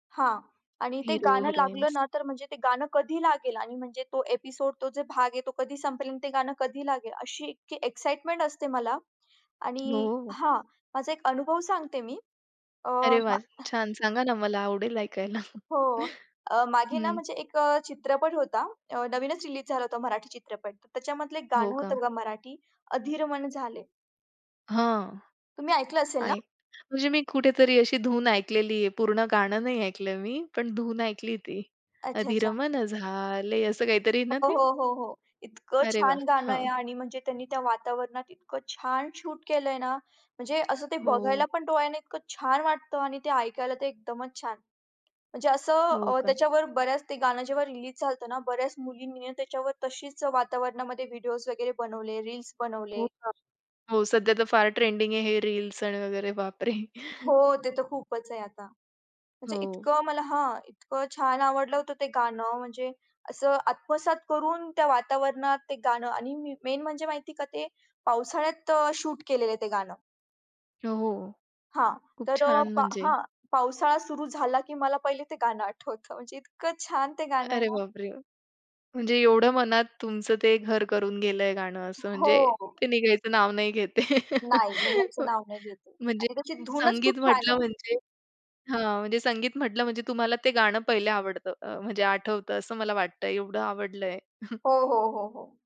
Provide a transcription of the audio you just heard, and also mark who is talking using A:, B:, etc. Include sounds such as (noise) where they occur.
A: हां. आणि ते
B: हेरो,
A: गाणं लागलं
B: हिरोइन्स.
A: ना तर म्हणजे ते गाणं कधी लागेल आणि म्हणजे तो एपिसोड तो जो भाग आहे तो कधी संपेल आणि ते गाणं कधी लागेल अशी इतकी एक्साईटमेंट असते मला
B: हो,
A: आणि
B: हो.
A: हा, माझा एक अनुभव सांगते मी अ,
B: अरे, (whistles) वाह,
A: हां.
B: छान सांगा ना मला आवडेल ऐकायला?
A: हो. अ,
B: (chuckles)
A: मागे ना
B: हं.
A: म्हणजे एक चित्रपट होता. नवीनच रिलीज झाला होता मराठी चित्रपट. तर त्याच्यामधलं एक
B: हो
A: गाणं
B: का.
A: होतं बघा मराठी, अधिर मन झाले.
B: हां,
A: तुम्ही ऐकलं असेल ना?
B: आय म्हणजे मी कुठेतरी अशी धून ऐकलेली आहे. पूर्ण गाणं नाही ऐकलं आहे मी, पण धून ऐकली ती.
A: अच्छा,
B: अधीर
A: अच्छा.
B: मन झाले, असं काहीतरी आहे ना
A: हो,
B: ते?
A: हो, हो, हो. इतकं
B: अरे
A: छान
B: वाह!
A: गाणं आहे
B: हां.
A: आणि म्हणजे त्यांनी त्या वातावरणात इतकं छान शूट केलंय ना. म्हणजे असं ते बघायला
B: हो.
A: पण डोळ्याने इतकं छान वाटतं आणि ते ऐकायला ते एकदमच छान. म्हणजे असं
B: हो
A: अ,
B: का.
A: त्याच्यावर बऱ्याच ते गाणं जेव्हा रिलीज झालं होतं ना बऱ्याच मुलींनी त्याच्यावर तशीच वातावरणामध्ये व्हिडीओज वगैरे बनवले, रील्स
B: हो
A: बनवले.
B: का. हो, सध्या तर फार ट्रेंडिंग आहे हे रील्स आणि वगैरे बापरे!
A: हो, ते तर खूपच आहे आता. म्हणजे
B: हो.
A: इतकं मला हां, इतकं छान आवडलं होतं ते गाणं, म्हणजे असं आत्मसात करून त्या वातावरणात ते गाणं आणि मी मेन म्हणजे माहितीये का ते पावसाळ्यात शूट केलेलं आहे ते गाणं.
B: हो.
A: हां.
B: खूप
A: तर अ,
B: छान
A: पा
B: म्हणजे.
A: हां, पावसाळा सुरू झाला, की मला पहिले ते गाणं आठवतं. म्हणजे इतकं छान ते गाणं आहे
B: अरे,
A: ना.
B: बापरे! म्हणजे एवढं मनात तुमचं ते घर करून गेलंय गाणं, असं म्हणजे
A: हो.
B: ते निघायचं नाव नाही घेत आहे.
A: नाही निघायचं
B: (chuckles)
A: नाव नाही घेत आहे
B: म्हणजे
A: आणि त्याची धूनच खूप
B: संगीत
A: छान
B: म्हटलं
A: आहे.
B: म्हणजे हां, म्हणजे संगीत म्हटलं म्हणजे तुम्हाला ते गाणं पहिले आवडतं, म्हणजे आठवतं असं मला वाटतंय एवढं आवडलंय. (chuckles)
A: हो, हो, हो, हो.